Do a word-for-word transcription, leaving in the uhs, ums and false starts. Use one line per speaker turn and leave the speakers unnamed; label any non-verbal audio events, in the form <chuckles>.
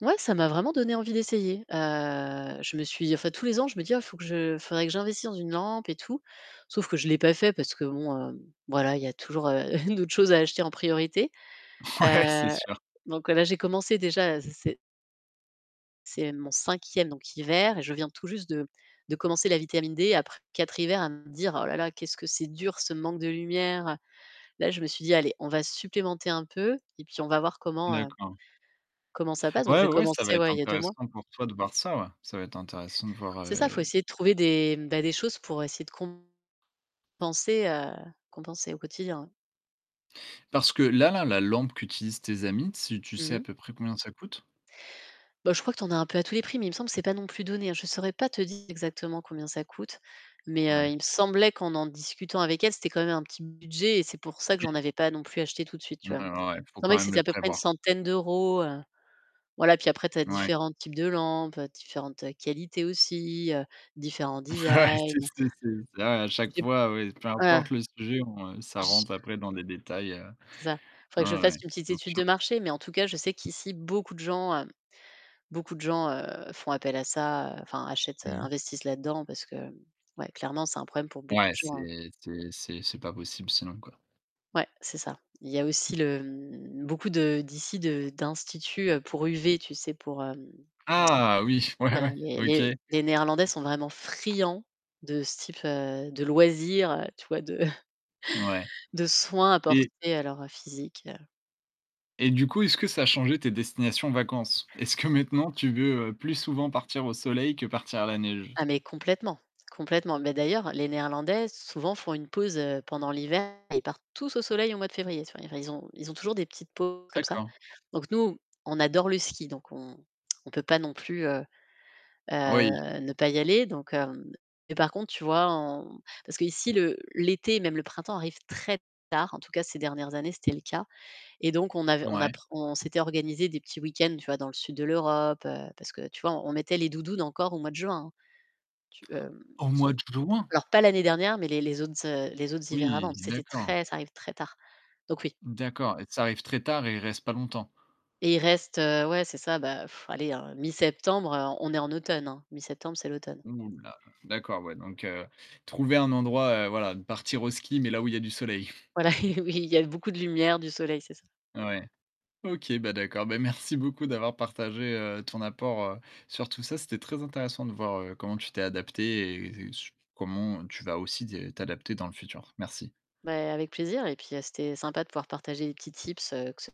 Ouais, ça m'a vraiment donné envie d'essayer. Heu je me suis, en fait tous les ans, je me dis: «Ah, il faut que je il faudrait que j'investisse dans une lampe et tout». Sauf que je l'ai pas fait parce que bon, heu, voilà, il y a toujours <chuckles> d'autres choses à acheter en priorité.
Ouais, c'est
Heu
sûr.
donc là, j'ai commencé déjà à <unintelligible> C'est mon cinquième donc hiver et je viens tout juste de de commencer la vitamine D après quatre hivers à me dire: «Oh là là, qu'est-ce que c'est dur ce manque de lumière!» Là, je me suis dit: «Allez, on va supplémenter un peu et puis on va voir comment, heu,
D'accord.
comment ça passe». Donc
Ouais
j'ai
ouais, ça va
commencé
être
ouais, il y a deux mois.
intéressant pour toi de voir ça ouais. Ça va être intéressant de voir
C'est ça, faut
et
essayer de
et
trouver des ben des choses pour essayer de compenser, heu, compenser au quotidien.
Parce que là, la lampe qu'utilisent tes amis, si tu sais
Mmh
à
mh.
peu près combien ça coûte?
Ben je crois que t'en as un peu à tous les prix, mais il me semble que c'est pas non plus donné. Je saurais pas te dire exactement combien ça coûte, mais, heu,
Ouais.
il me semblait qu'en en discutant avec elle, c'était quand même un petit budget et c'est pour ça que
Oui.
j'en avais pas non plus acheté tout de suite,
Ouais
tu vois? Il
ouais
me
ouais. Il faut quand
semblait que
même
c'était
le
à peu près une
prévoir.
centaine d'euros, heu, voilà, puis après tu as
Ouais.
différents types de lampes, différentes qualités aussi, heu, différents
Ouais, c'est
designs.
c'est c'est ça, à chaque
J'ai
fois, oui, peu
ah
importe le sujet ou, heu, ça
Je
rentre après dans des détails.
C'est ça. Il faudrait que je
Ouais ouais.
fasse une petite
Bien
étude de
sûr.
marché, mais en tout cas je sais qu'ici beaucoup de gens, heu, beaucoup de gens, heu, font appel à ça, heu, enfin achètent, heu,
Mmh.
investissent là-dedans parce que ouais, clairement c'est un problème pour beaucoup
Ouais,
de gens.
c'est c'est c'est c'est pas possible sinon quoi.
Ouais, c'est ça. Il y a aussi le beaucoup de d'ici de d'instituts, heu, pour UV, tu sais pour, hem <tsk>
Ah! Oui, ouais
voilà,
ouais.
il y a
OK.
les les néerlandais sont vraiment friands de ce type, heu, de loisirs, tu vois, de <chuckles>
Ouais.
de soins
Et
apportés à leur physique.
et du coup, est-ce que ça a changé tes destinations vacances? Est-ce que maintenant tu veux plus souvent partir au soleil que partir à la neige?
Ah mais complètement! Complètement. Mais d'ailleurs, les néerlandais, souvent font une pause, heu, pendant l'hiver. Et ils partent tous au soleil au mois de février. C'est-à-dire ils ont ils ont toujours des petites pauses comme ça.
D'accord.
Donc nous, on adore le ski, donc on on peut pas non plus, heu,
Oui!
heu ne pas y aller. Donc, heu mais par contre, tu vois on parce qu'ici le l'été, même le printemps, arrive très tard, en tout cas ces dernières années, c'était le cas. Et donc, on avait on
Ouais.
apprend on s'était organisé des petits week-ends, tu vois, dans le sud de l'Europe, parce que, tu vois, on mettait les doudounes encore au mois de juin. Tu, hem
Au mois de juin?
alors pas l'année dernière, mais les les autres les autres hivers avant.
Oui,
C'était
d'accord.
très, ça arrive très tard. Donc oui.
D'accord. Et ça arrive très tard et il reste pas longtemps?
Et il reste, heu, ouais, c'est ça. Ben <blows air> allez, heu, mi-septembre, heu, on est en automne, hein, mi-septembre, c'est l'automne.
Ouh là là! D'accord, ouais, donc, heu, trouver un endroit, heu, voilà, partir au ski, mais là où il y a du soleil. <chuckles>
Voilà, oui, il y a eu beaucoup de lumière, du soleil, c'est ça.
Ouais. OK, ben d'accord. Ben merci beaucoup d'avoir partagé, heu, ton apport, heu, sur tout ça. C'était très intéressant de voir, heu, comment tu t'es adaptée et sur comment tu vas aussi t'adapter dans le futur. Merci.
Ben, avec plaisir. Et puis c'était sympa de pouvoir partager les petits tips que ce